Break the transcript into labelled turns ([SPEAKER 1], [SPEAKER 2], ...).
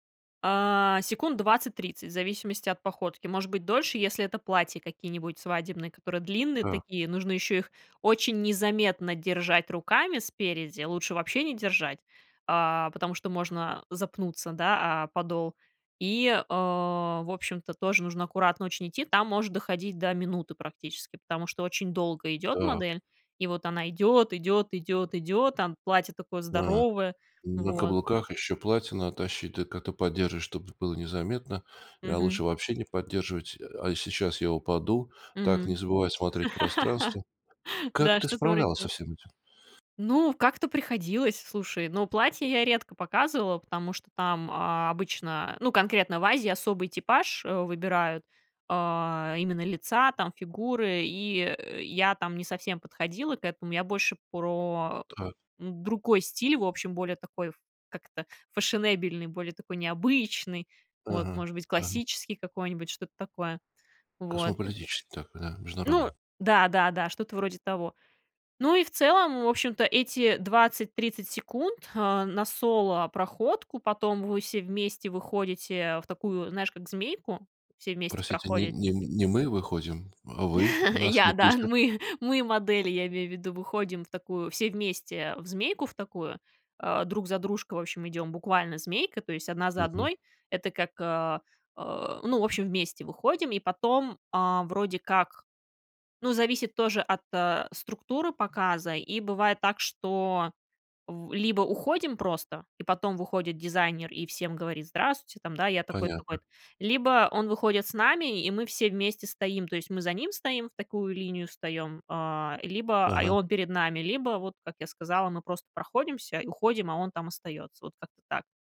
[SPEAKER 1] А, секунд 20-30, в зависимости от походки, может быть, дольше, если это платья какие-нибудь свадебные, которые длинные
[SPEAKER 2] Так.
[SPEAKER 1] такие, нужно ещё их очень незаметно держать руками спереди, лучше вообще не держать, а, потому что можно запнуться, да, о подол, И, э, в общем-то, тоже нужно аккуратно очень идти. Там может доходить до минуты практически, потому что очень долго идёт
[SPEAKER 2] Так.
[SPEAKER 1] модель, и вот она идёт, идёт, идёт, идёт, там платье такое
[SPEAKER 2] М.
[SPEAKER 1] здоровое.
[SPEAKER 2] На
[SPEAKER 1] Вот.
[SPEAKER 2] каблуках еще платья надо тащить, ты как-то поддержишь, чтобы было незаметно. А
[SPEAKER 1] Мгм.
[SPEAKER 2] лучше вообще не поддерживать. А а сейчас я упаду. Так,
[SPEAKER 1] Мгм.
[SPEAKER 2] не забывай смотреть в пространство. Как
[SPEAKER 1] Да,
[SPEAKER 2] ты
[SPEAKER 1] что-то вроде
[SPEAKER 2] справлялась со
[SPEAKER 1] того.
[SPEAKER 2] всем этим?
[SPEAKER 1] Ну, как-то приходилось, слушай, ну, платье я редко показывала, потому что там, а, обычно, ну, конкретно в Азии, особый типаж, э, выбирают, а, именно лица там, фигуры. И, э, я там не совсем подходила к этому. Я больше про,
[SPEAKER 2] Так.
[SPEAKER 1] м, другой стиль, в общем, более такой ф как-то фешенебельный, более такой необычный, вот,
[SPEAKER 2] Мгм.
[SPEAKER 1] может быть,
[SPEAKER 2] Мгм.
[SPEAKER 1] классический какой-нибудь, что-то такое, вот.
[SPEAKER 2] Космополитический такой, да?
[SPEAKER 1] Ну
[SPEAKER 2] Международный.
[SPEAKER 1] да, да, да, что-то вроде того. Ну, и в целом, в общем-то, эти 20-30 секунд, а, на соло проходку, потом вы все вместе выходите, в такую, знаешь, как змейку, все вместе
[SPEAKER 2] Простите, не
[SPEAKER 1] проходите.
[SPEAKER 2] не не мы выходим, а вы нас
[SPEAKER 1] Я,
[SPEAKER 2] не
[SPEAKER 1] да,
[SPEAKER 2] пустят.
[SPEAKER 1] мы мы модели, я имею в виду, выходим в такую все вместе, в змейку в такую, а, друг за дружкой, в общем, идём буквально змейкой, то есть одна за
[SPEAKER 2] Мгм.
[SPEAKER 1] одной. Это как, а, а, ну, в общем, вместе выходим и потом, а, вроде как, ну, зависит тоже от, а, структуры показа и бывает так, что в либо уходим просто, и потом выходит дизайнер и всем говорит: здравствуйте, там, да, я такой,
[SPEAKER 2] Понятно.
[SPEAKER 1] такой-то. Либо он выходит с нами, и мы все вместе стоим. То есть, мы за ним стоим, в такую линию встаём, а, либо, а и
[SPEAKER 2] Ага.
[SPEAKER 1] он перед нами, либо вот, как я сказала, мы просто проходимся уходим, а он там остаётся. Вот как-то так.